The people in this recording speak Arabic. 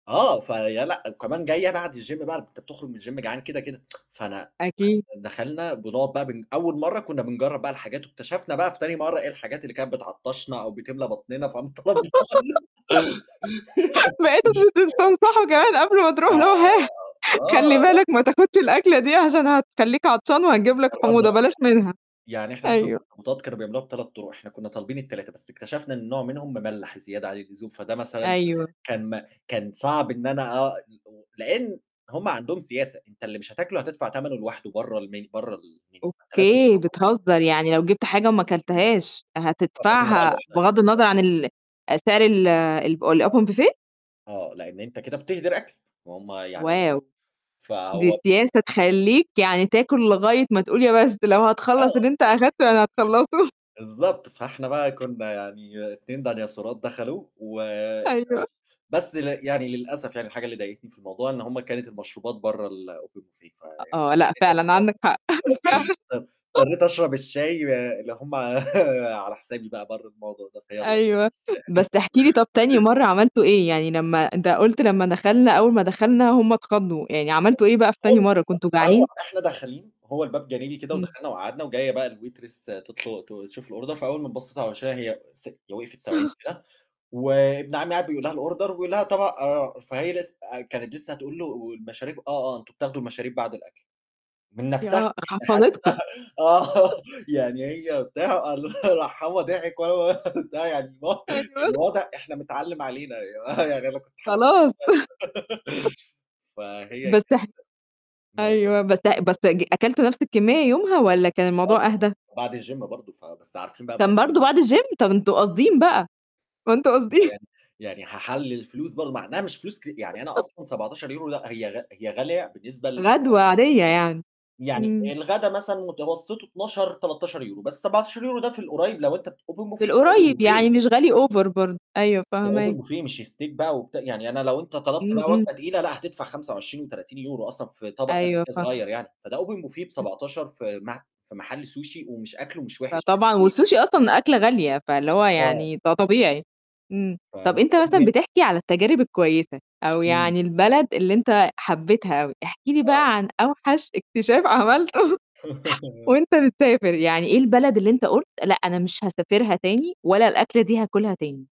آه، فهي لأ، وكمان جاية بعد الgym بقى أنت بتخرُج من الgym جعان كده، كده. فأنا أكيد. ما دخلنا بنقعُد بقى بن أول مرّة كنّا بنجرّب بقى الحاجات واكتشفنا بقى في تاني مرّة إيه الحاجات اللي كانت بتعطّشنا أو بتملى بطننا فم طلبنا [unintelligible] بقيتم ت تستنصحوا كمان قبل ما آآ، تروح له [unintelligible] خلّي آه، بالك لأ. ما تاخُدش الأكلة دي عشان هتخلّيك عطشان وهتجيب لك جرّبنا حموضة بقى بلاش منها، يعني، يعني إحنا مثلًا أيوه. الأخطبوطات كانوا بيعملوها ب3 طُرق إحنا كنّا طالبين ال3، بس اكتشفنا إن نوع منهم مملّح زيادة عن اللزوم فده مثلًا أيوه. كان ما كان صعب إن أنا أ [unintelligible] لإن هُم عندهم سياسة أنت اللي مش هتاكله هتدفع تمنه لواحده برّه المين برّه الmenu فأنت لازم أوكي، تخلّص أكلك. بتهزّ يعني لو جبت حاجة وما كلتهاش هتدفع العزومة بقى هتدفعها لوحدها. بغض النظر عن [unintelligible] ال أ سعر ال [unintelligible] الب الopen buffet؟ آه، لإن أنت كده بتِهدر أكل، وهُم يعني واو! دي فهو سياسة تخلّيك يعني تاكُل لغاية ما تقول يا بس، لو آه هتخلّص اللي بالضبط. أنت أخدته يعني هتخلّصه. بالضبط فإحنا بقى كنّا يعني 2 ديناصورات دخلوا و ال أيوه. بس ل يعني للأسف يعني الحاجة اللي ضايقتني في الموضوع إن هُم كانت المشروبات برّه الOpen buffet أ فيعني آه، لأ، [unintelligible] فعلًا عندك حق، فعلًا. اضط اضطريت أشرب الشاي ب اللي هُم على حسابي بقى برّه الموضوع ده فيالّا، أيوه، ف يعني بس احكِ لي طَب تاني مرّة عملتوا إيه، يعني لمّا أنت قُلت "لمّا دخلنا أول ما دخلنا هُم اتخضّوا" يعني [unintelligible] عملتوا إيه بقى في تاني هو مش مرّة كنتم [unintelligible] هو جعانين؟ إحنا داخلين هو الباب جانبي كده إمم. ودخلنا وقعدنا وجاية بقى الwaitress تطل ت تشوف الorder فأول ما بصّيت على وِشّها هي ث هي وقْفِت ثواني أها. كده، وابن عمّي قاعد بيقول لها الorder وبيقول لها "طَبق آآ" فهي لسّ آآ كانت لسّه هتقول له والمشاريب "آه، آه، أنتم بتاخدوا المشاريب بعد الأكل" من ي نَفْسها آه، إحنا حفَّظِتكم. حتّى آه، يعني هي بتاع، قال لها راح هو ضاحك وأنا ب ت يعني الو أيوه. الواضح إحنا متعلّم علينا يا جماعة يعني أنا كنت حاسس خلاص. [unintelligible] فهي بس كانت [unintelligible] موقِفها أيوه بس اح بس [unintelligible] أج أكلتوا نَفْس الكمّية يومها والّا كان آه، الموضوع طبعًا أهدى؟ وبعد الgym برضه ف بس عارفين بقى كان [unintelligible] برضه بعد الgym؟! طب أنتم قاصدين بقى، يبقى أنتم ما هو قاصدين. يعني يعني هاحلل الفلوس برضه مع إنّها مش فلوس ك يعني أنا أصلًا 17€ لأ هي غ هي غالية بالنسبة ل غدوة عادية يعني. يعني إمم. الغدا مثلًا متوسطه 12، 13€ بس 17€ ده في القريّب لو أنت بت open في buffet open القريّب buffet. يعني مش غالي over برضه. أيوه ده فاهماك. open buffet مش steak بقى وبت يعني أنا لو أنت طلبت إمم، بقى وجبة إمم. تقيلة لأ هتدفع 25 و30€ أصلًا في طَبق قد أيوه، كده صغيّر فاهمة. يعني، فده open buffet [unintelligible] ب17 في م في محل sushi ومش أكله مش وِحش. فطبعًا [unintelligible] والSushi أصلًا أكلة غالية فاللي هو آه. يعني ده طبيعي. إمم، طَب أنت مثلًا [unintelligible] بتحكي على التجارب الكويسة أو إمم. يعني البلد اللي أنت حبّيتها أوي، احكِ لي آه. بقى عن أوحش اكتشاف عملته آه. وأنت بتسافر، يعني إيه البلد اللي أنت قُلت لأ، أنا مش هاسافرها تاني ولا الأكلة دي هاكُلها تاني؟